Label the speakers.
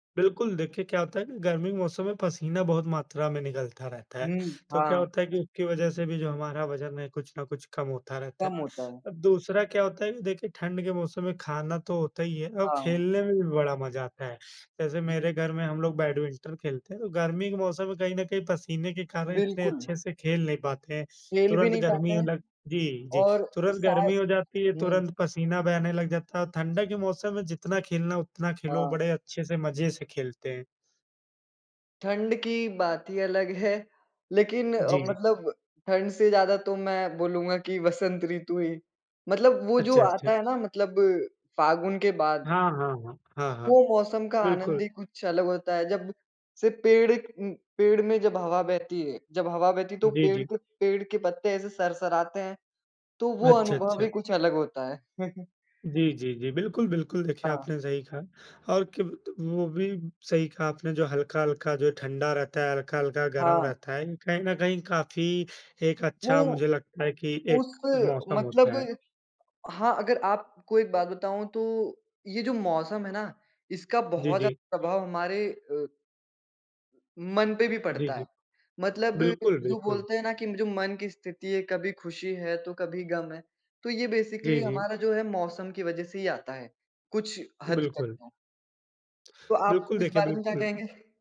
Speaker 1: बिल्कुल, देखिए क्या होता है ना गर्मी के मौसम में पसीना बहुत मात्रा में निकलता रहता है,
Speaker 2: हुँ,
Speaker 1: तो क्या
Speaker 2: हाँ।
Speaker 1: होता है कि उसकी वज़ह से भी जो हमारा वज़न है कुछ ना कुछ कम होता रहता है।
Speaker 2: कम होता है।
Speaker 1: और दूसरा क्या होता है कि देखिए ठंड के मौसम में खाना तो होता ही है, औ
Speaker 2: हाँ।
Speaker 1: खेलने में भी बड़ा मज़ा आता है। जैसे
Speaker 2: उ, हुँ।
Speaker 1: मेरे घर में हम लोग बैडमिंटन खेलते हैं, तो गर्मी के मौसम में कहीं न कहीं पसीने के कारण इतने
Speaker 2: बिल्कुल।
Speaker 1: अच्छे से खेल नहीं पाते हैं,
Speaker 2: खेल भी
Speaker 1: तुरंत
Speaker 2: नहीं पाते
Speaker 1: गर्मी अ,
Speaker 2: हैं,
Speaker 1: लग जी, जी।
Speaker 2: और
Speaker 1: तुरंत
Speaker 2: शा
Speaker 1: गर्मी हो जाती है,
Speaker 2: हुँ।
Speaker 1: तुरंत पसीना बहने लग जाता है और ठंडा के मौसम में जितना खेलना है उतना खेलो, बड़े
Speaker 2: हाँ।
Speaker 1: अच्छे से मज़े से खेलते हैं।
Speaker 2: ठंड की बात ही अलग है लेकिन अ,
Speaker 1: जी।
Speaker 2: मतलब ठंड से ज़्यादा तो मैं बोलूँगा कि वसंत ऋतु ही मतलब वो जो
Speaker 1: अच्छा,
Speaker 2: आता
Speaker 1: अच्छा।
Speaker 2: है ना मतलब फागुन के बाद।
Speaker 1: हाँ, हाँ, हाँ, हाँ, हाँ।
Speaker 2: वो मौसम का आनंद ही
Speaker 1: बिल्कुल।
Speaker 2: कुछ अलग होता है, जब सिर्फ़ पेड़ इक उम, पेड़ में जब हवा बहती है जब हवा बहती है तो
Speaker 1: जी,
Speaker 2: पेड़
Speaker 1: जी।
Speaker 2: के पेड़ के पत्ते ऐसे सरसराते हैं, तो वो
Speaker 1: अच्छा,
Speaker 2: अनुभव ही
Speaker 1: अच्छा।
Speaker 2: कुछ अलग होता है।
Speaker 1: जी, जी, जी, बिल्कुल, बिल्कुल देखिए
Speaker 2: हाँ।
Speaker 1: आपने सही कहा। और कि वत वो भी सही कहा आपने जो हल्का-हल्का जो है ठंडा रहता है, हल्का-हल्का गरम
Speaker 2: हाँ।
Speaker 1: रहता है, कहीं न कहीं काफ़ी एक अच्छा
Speaker 2: वो
Speaker 1: मुझे लगता है कि एक
Speaker 2: उस
Speaker 1: मौसम होता है।
Speaker 2: मतलब हाँ, अगर आपको एक बात बताऊँ तो ये जो मौसम है ना, इसका
Speaker 1: जी,
Speaker 2: बहुत
Speaker 1: जी।
Speaker 2: ज़्यादा प्रभाव हमारे अ मन पे भी
Speaker 1: जी,
Speaker 2: पड़ता है,
Speaker 1: जी।
Speaker 2: मतलब
Speaker 1: बिल्कुल,
Speaker 2: जो
Speaker 1: बिल्कुल।
Speaker 2: बोलते हैं ना कि म जो मन की स्थिति है, कभी खुशी है, तो कभी गम है, तो ये
Speaker 1: जी,
Speaker 2: बेसिकली
Speaker 1: जी।
Speaker 2: हमारा जो है मौसम की वज़ह से ही आता है, कुछ हद तक
Speaker 1: बिल्कुल।
Speaker 2: तो। तो आप
Speaker 1: बिल्कुल,
Speaker 2: इस
Speaker 1: देखिए
Speaker 2: बारे में क्या
Speaker 1: बिल्कुल।
Speaker 2: कहेंगे?